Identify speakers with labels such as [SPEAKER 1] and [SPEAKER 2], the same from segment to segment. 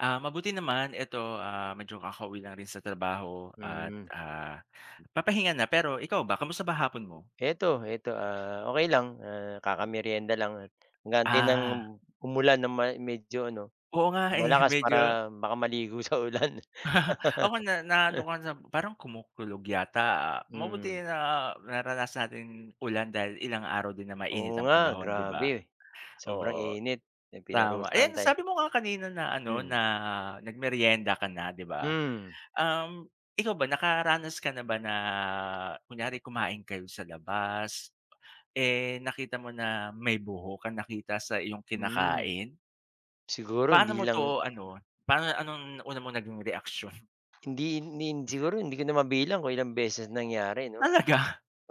[SPEAKER 1] Ah, mabuti naman. Eto, ah, medyo kakauwi lang rin sa trabaho at,
[SPEAKER 2] Mm.
[SPEAKER 1] ah, papahinga na, pero ikaw ba kumusta ba hapon mo?
[SPEAKER 2] Heto heto, ah, okey lang, ah, kaka-meryenda lang at nag-aantay ng
[SPEAKER 1] Ah.
[SPEAKER 2] umulan ng may medyo ano,
[SPEAKER 1] Oo nga eh,
[SPEAKER 2] malakas
[SPEAKER 1] medyo
[SPEAKER 2] para baka maligo sa ulan.
[SPEAKER 1] Ako na naano ka na parang kumukulog yata, ah,
[SPEAKER 2] Hmm.
[SPEAKER 1] mabuti na naranasan natin ulan dahil ilang araw din na mainit
[SPEAKER 2] Oo,
[SPEAKER 1] ang
[SPEAKER 2] nga
[SPEAKER 1] panahon 'di ba
[SPEAKER 2] grabe! Sobrang
[SPEAKER 1] oo.
[SPEAKER 2] init, yung
[SPEAKER 1] Tama,
[SPEAKER 2] pinarusahan
[SPEAKER 1] ayan
[SPEAKER 2] tay' eh.
[SPEAKER 1] sabi mo nga kanina na ano na
[SPEAKER 2] Mm.
[SPEAKER 1] nagmeryenda ka na 'di ba.
[SPEAKER 2] Hmm.
[SPEAKER 1] Um, ikaw ba nakaranas ka na ba na kunyari kumain kayo sa labas, eh, nakita mo na may buhok ka nakita sa iyong
[SPEAKER 2] Mm.
[SPEAKER 1] kinakain?
[SPEAKER 2] Siguro,
[SPEAKER 1] Paano
[SPEAKER 2] hindi
[SPEAKER 1] mo
[SPEAKER 2] lang
[SPEAKER 1] 'to ano, paano, anong nauna mo naging reaksiyon?
[SPEAKER 2] Hindi hindi siguro, hindi ko na mabilang kung ilang beses nangyari 'no
[SPEAKER 1] Talaga?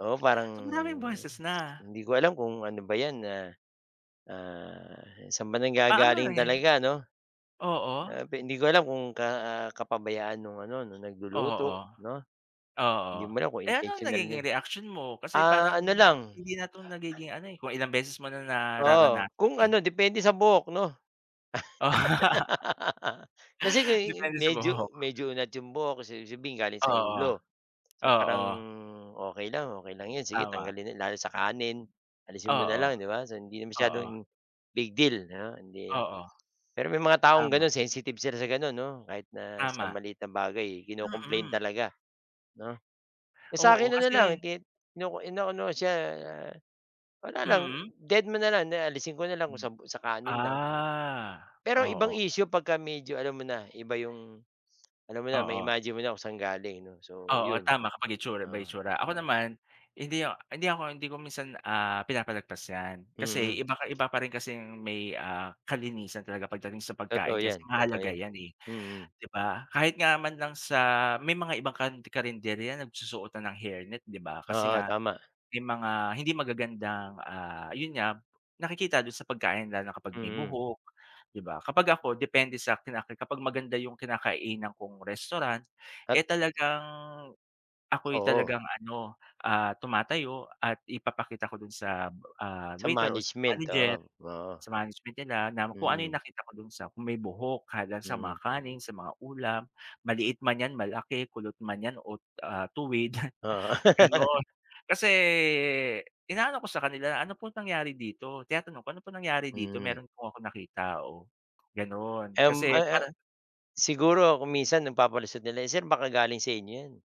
[SPEAKER 2] oo,
[SPEAKER 1] So,
[SPEAKER 2] parang,
[SPEAKER 1] maraming
[SPEAKER 2] hmm,
[SPEAKER 1] beses na.
[SPEAKER 2] hindi ko alam kung ano ba 'yan, ah. Ah, saan ba
[SPEAKER 1] Paano na
[SPEAKER 2] nanggagaling
[SPEAKER 1] 'yan?
[SPEAKER 2] talaga 'no?
[SPEAKER 1] Oo.
[SPEAKER 2] Grabe, hindi ko alam kung ka kapabayaan nung ano nung
[SPEAKER 1] Oo.
[SPEAKER 2] nagluluto 'no.
[SPEAKER 1] Oo,
[SPEAKER 2] Hindi mo alam kung
[SPEAKER 1] eh ano ang
[SPEAKER 2] intensiyonal na
[SPEAKER 1] nagiging reaksiyon mo? Kasi
[SPEAKER 2] ah,
[SPEAKER 1] parang,
[SPEAKER 2] ano lang,
[SPEAKER 1] hindi
[SPEAKER 2] ah
[SPEAKER 1] na 'to nagiging ano, eh, kung ilang beses mo na
[SPEAKER 2] Oo,
[SPEAKER 1] nararanasan
[SPEAKER 2] kung
[SPEAKER 1] eh.
[SPEAKER 2] ano depende sa buhok 'no. Kasi uh,
[SPEAKER 1] Depende sa
[SPEAKER 2] medyo
[SPEAKER 1] buhok.
[SPEAKER 2] medyo unat 'yong buhok kasi sabihin galing sa
[SPEAKER 1] Oo.
[SPEAKER 2] ulo. So parang
[SPEAKER 1] Oo.
[SPEAKER 2] okey lang, okey lang 'yon, sige
[SPEAKER 1] Tama.
[SPEAKER 2] tanggalin lalo sa kanin. Alisin mo na
[SPEAKER 1] Oo.
[SPEAKER 2] lang 'di ba hindi na
[SPEAKER 1] Oo.
[SPEAKER 2] masyadong, big deal 'no hindi
[SPEAKER 1] Oo.
[SPEAKER 2] pero may mga taong
[SPEAKER 1] Tama.
[SPEAKER 2] gano'n sensitive sila sa gano'n 'no kahit na sa
[SPEAKER 1] Tama.
[SPEAKER 2] maliit na bagay kino-complain
[SPEAKER 1] Mm.
[SPEAKER 2] talaga, 'no. Eh, sa'kin
[SPEAKER 1] Oo
[SPEAKER 2] na na lang
[SPEAKER 1] kasi
[SPEAKER 2] gid ino inaano siya wala lang,
[SPEAKER 1] Mm.
[SPEAKER 2] dedma na lang, di alisin ko na lang kung
[SPEAKER 1] Mm.
[SPEAKER 2] sab sa kanin lang.
[SPEAKER 1] Ah,
[SPEAKER 2] Pero ibang
[SPEAKER 1] oo.
[SPEAKER 2] issue pagka medyo alam mo na, iba yung. Alam mo na
[SPEAKER 1] Oo.
[SPEAKER 2] ma-imagine mo na kung sa'n galing 'no, so
[SPEAKER 1] Oo,
[SPEAKER 2] yun.
[SPEAKER 1] tama kapag itsura by
[SPEAKER 2] Ah,
[SPEAKER 1] itsura. Ako
[SPEAKER 2] oo.
[SPEAKER 1] naman, hindi ak hindi ako, hindi ko minsan, ah, pinapalagpas 'yan.
[SPEAKER 2] Mm.
[SPEAKER 1] Kasi iba ka iba pa rin kasing may, ah, kalinisan talaga pagdating sa pagkain
[SPEAKER 2] Totoo
[SPEAKER 1] kasi
[SPEAKER 2] 'yan, totoo
[SPEAKER 1] mahalaga
[SPEAKER 2] 'yan.
[SPEAKER 1] 'yan eh,
[SPEAKER 2] Mm.
[SPEAKER 1] 'di ba? Kahit nga man lang sa may mga ibang kan karenderya nagsusuot na ng hair net 'di ba kasi
[SPEAKER 2] Oo,
[SPEAKER 1] nga,
[SPEAKER 2] tama.
[SPEAKER 1] may mga hindi magagandang, ah, yun nga, nakikita dun sa pagkain lalo na kapag may
[SPEAKER 2] Mm.
[SPEAKER 1] buhok, 'di ba. Kapag ako depende sa'kin kapag maganda yung kinakainan kong restaurant,
[SPEAKER 2] At
[SPEAKER 1] eh, talagang ako'y
[SPEAKER 2] Oo.
[SPEAKER 1] talagang ano, ah, tumatayo at ipapakita ko dun sa, ah,
[SPEAKER 2] Sa
[SPEAKER 1] waiter o sa
[SPEAKER 2] management
[SPEAKER 1] manager.
[SPEAKER 2] oo, oo.
[SPEAKER 1] Sa management nila na kung ano yung
[SPEAKER 2] Mm.
[SPEAKER 1] nakita ko dun sa kung may buhok kada sa mga
[SPEAKER 2] Mm.
[SPEAKER 1] kaning, sa mga ulam, maliit man 'yan malaki, kulot man 'yan o, ah, tuwid,
[SPEAKER 2] Oo.
[SPEAKER 1] gano'n. Kasi inaano ko sa kanila, "Ano po nangyari dito?" Tinatanong ko, "Ano po nangyari dito?"
[SPEAKER 2] Mm.
[SPEAKER 1] Meron po akong nakita, oh, gano'n kasi
[SPEAKER 2] M-uh-huh.
[SPEAKER 1] para
[SPEAKER 2] Siguro kung minsan nagpapalusot nila, "Sir, baka galing sa inyo 'yan."